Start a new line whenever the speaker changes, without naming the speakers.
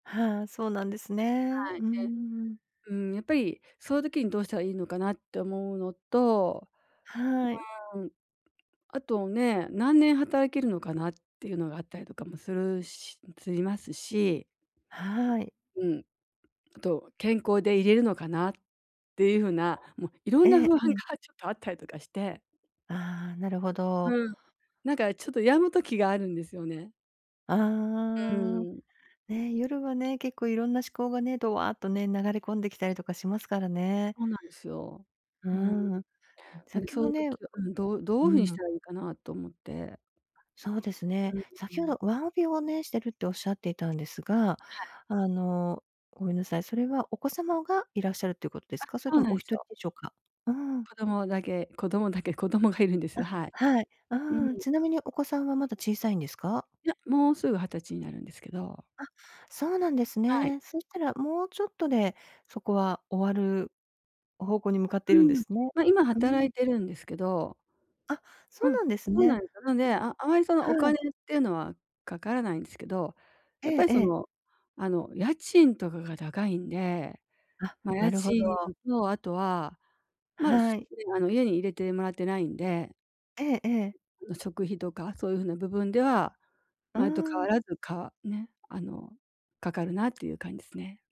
はあ、そうなんですね。
はい。
うー
で、
ん。
うーん、やっぱりその時にどうしたらいいのかなって思うのと、
はい。
うーん、あとね、何年働けるのかなっていうのがあったりとかもするししますし。
はい。
うん。あと健康でいれるのかなっていうふうな、も、いろ
え
んな
え
不安が
ええ。
ちょっとあったりとかして。
ああ、なるほど。
うん、なんか、ちょっと病む時があるんですよね。う
ああ、
ーん。
ね、夜はね、結構いろんな思考がね、ドワーとね、流れ込んできたりとかしますからね。
そうなんですよ。
うー
うーん。
ん、ん、
なんで
先
そう
ほ
いう
ね、
時はうん、どど
う
ういうふうにし
ん。
たらいいかなと思って。
そうです
う
ね。
んう
先ほ
ん。
どワンオペをね、してるっておっしゃっていたんですが、
はい。
あの、ごめんなさい。それはお子様がいらっしゃるっていうことで
あ、
すか？それ
そう
とも
なん
お
で
ひ
す
とり
よ。
でしょうか？うーん。
子供だけ子供だけ、子供がいるんです。
あ、
はい。
はい。
う
ああ、
ん。
ちなみにお子さんはまだ小さいんですか？
いや、もうすぐ20歳になるんですけど。
あ、そうなんです
はい。
ね。そしたら、もうちょっとで、そこは終わる方向に向かってい
う
るんで
ん。
すね。
ま、今
う
働
ん。
いてるんですけど。
あ、そ
う
う
ん、
なんです
そうなん
ね。
ですよ。なの
うん。
で、ああまりその、お
は
金
い。
っていうのはかからないんですけど、
え
やっぱ
え
り
え
そ
え。
の、あの、家賃とかが高いんで、
あ、
ま、
な
家
るほ
賃
ど。
とあとは、まあ、
はい。
では家に入れてもらってないんで、
ええええ。
ん、食費とか、そういうふうな部分では、
うー
前と変わ
ん。
らずか、ね、あの、かかるなっていう感じですね。